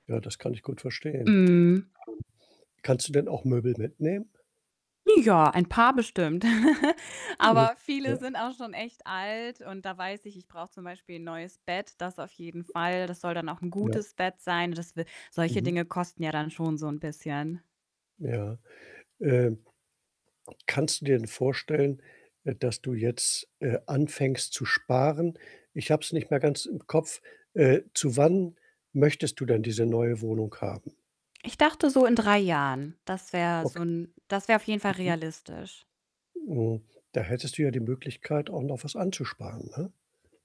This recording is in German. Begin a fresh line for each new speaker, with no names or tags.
Ja, das kann ich gut verstehen.
Mhm.
Kannst du denn auch Möbel mitnehmen?
Ja, ein paar bestimmt.
Je
Aber
ja,
viele
ä
sind auch schon echt alt und da weiß ich, ich brauche zum Beispiel 'n neues Bett, das auf jeden Fall. Das soll dann auch 'n
Ja.
gutes Bett sein. Das w solche
Mhm.
Dinge kosten ja dann schon so 'n bisschen.
Ja, ähm, kannst du dir denn vorstellen, äh, dass du jetzt, äh, anfängst zu sparen? Ich habe es nicht mehr ganz im Kopf. Äh, zu wann möchtest du denn diese neue Wohnung haben?
Ich dachte so in 3 Jahren, das wär
Ok
so 'n das wär auf jeden Fall
Mhm.
realistisch.
Hm, da hättest du ja die Möglichkeit, auch noch was anzusparen, ne?